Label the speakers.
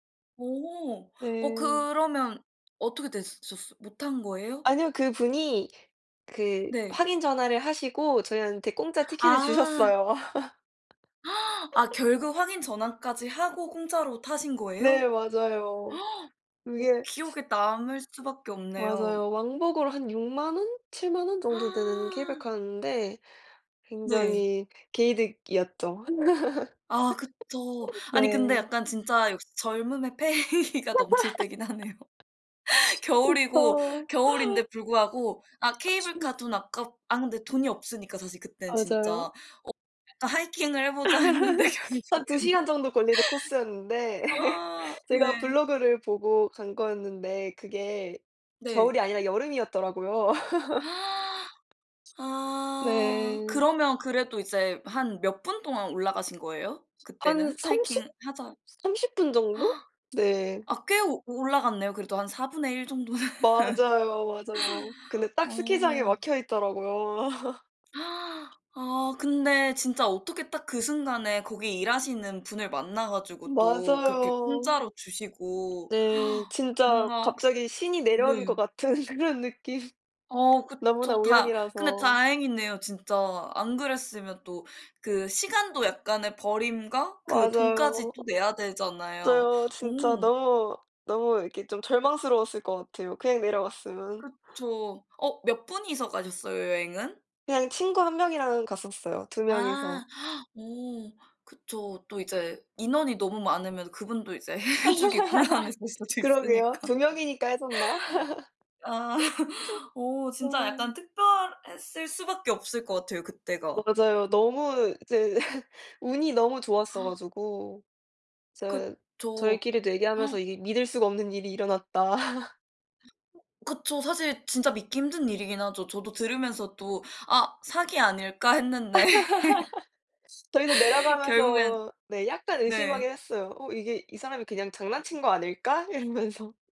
Speaker 1: 오. 어
Speaker 2: 네.
Speaker 1: 그러면 어떻게 됐었어 못 탄 거예요?
Speaker 2: 아니요. 그분이 그
Speaker 1: 네.
Speaker 2: 확인 전화를 하시고 저희한테 공짜 티켓을
Speaker 1: 아.
Speaker 2: 주셨어요.
Speaker 1: 아 결국 확인 전화까지 하고 공짜로 타신
Speaker 2: 네.
Speaker 1: 거예요?
Speaker 2: 맞아요.
Speaker 1: 어
Speaker 2: 그게
Speaker 1: 기억에 남을 수밖에 없네요.
Speaker 2: 맞아요. 왕복으로 한 60,000 원, 70,000 원 정도 되는 케이블카였는데
Speaker 1: 네.
Speaker 2: 굉장히 개이득이었죠.
Speaker 1: 아 그쵸. 아니 근데
Speaker 2: 네.
Speaker 1: 약간 진짜 역시 젊음의 패기가 넘칠 때긴 하네요. 겨울이고
Speaker 2: 그쵸.
Speaker 1: 겨울인데 불구하고 아 케이블카 돈
Speaker 2: [unintelligible]
Speaker 1: 아깝 아 근데 돈이 없으니까 사실 그때는, 진짜. 어
Speaker 2: 맞아요.
Speaker 1: 약간 "하이킹을 해 보자." 했는데
Speaker 2: 한 2
Speaker 1: 결국에는
Speaker 2: 시간 정도 걸리는 코스였는데
Speaker 1: 아
Speaker 2: 제가
Speaker 1: 네.
Speaker 2: 블로그를 보고 간 거였는데 그게
Speaker 1: 네.
Speaker 2: 겨울이 아니라 여름이었더라고요.
Speaker 1: 아.
Speaker 2: 네.
Speaker 1: 그러면 그래도 이제 한 몇 분 동안 올라가신 거예요,
Speaker 2: 한
Speaker 1: 그때는?
Speaker 2: 30,
Speaker 1: 하이킹 하자
Speaker 2: 30 분정도? 네.
Speaker 1: 아 꽤 올라갔네요, 그래도 한 1/4 정도는.
Speaker 2: 맞아요, 맞아요. 근데 딱 스키장에
Speaker 1: 어.
Speaker 2: 막혀 있더라고요.
Speaker 1: 아 근데 진짜 어떻게 딱 그 순간에 거기 일하시는 분을 만나 가지고 또 그렇게
Speaker 2: 맞아요.
Speaker 1: 공짜로 주시고
Speaker 2: 네. 진짜
Speaker 1: 뭔가 혹시
Speaker 2: 갑자기 신이
Speaker 1: 네.
Speaker 2: 내려온 것 같은 그런 느낌.
Speaker 1: 어
Speaker 2: 너무나
Speaker 1: 그쵸. 다 근데
Speaker 2: 우연이라서.
Speaker 1: 다행이네요, 진짜. 안 그랬으면 또 그 시간도 약간의 버림과 그 돈까지
Speaker 2: 맞아요.
Speaker 1: 또 내야 되잖아요.
Speaker 2: 맞아요. 진짜
Speaker 1: 어.
Speaker 2: 너무 너무 이렇게 좀 절망스러웠을 것 같아요, 그냥 내려갔으면.
Speaker 1: 그쵸. 어 몇 분이서 가셨어요, 여행은?
Speaker 2: 그냥 친구 1 명이랑 갔었어요, 2
Speaker 1: 아.
Speaker 2: 명이서.
Speaker 1: 어 그쵸. 또 이제 인원이 너무 많으면 그분도 이제 해주기 곤란해질 수도
Speaker 2: 그러게요.
Speaker 1: 있으니까.
Speaker 2: 2 명이니까 해줬나?
Speaker 1: 아. 어 진짜 약간
Speaker 2: 아.
Speaker 1: 특별했을 수밖에 없을 것 같아요, 그때가.
Speaker 2: 맞아요. 너무 이제 운이 너무 좋았어 가지고 저
Speaker 1: 그쵸.
Speaker 2: 저희끼리도 얘기하면서 이게 믿을 수가 없는 일이 일어났다.
Speaker 1: 그쵸. 사실 진짜 믿기 힘든 일이긴 하죠. 저도 들으면서 또 '아 사기 아닐까.' 했는데
Speaker 2: 저희도
Speaker 1: 결국엔
Speaker 2: 내려가면서 네 약간 의심하긴
Speaker 1: 네.
Speaker 2: 했어요. 어 '이게 이 사람이 그냥 장난친 거 아닐까?' 이러면서.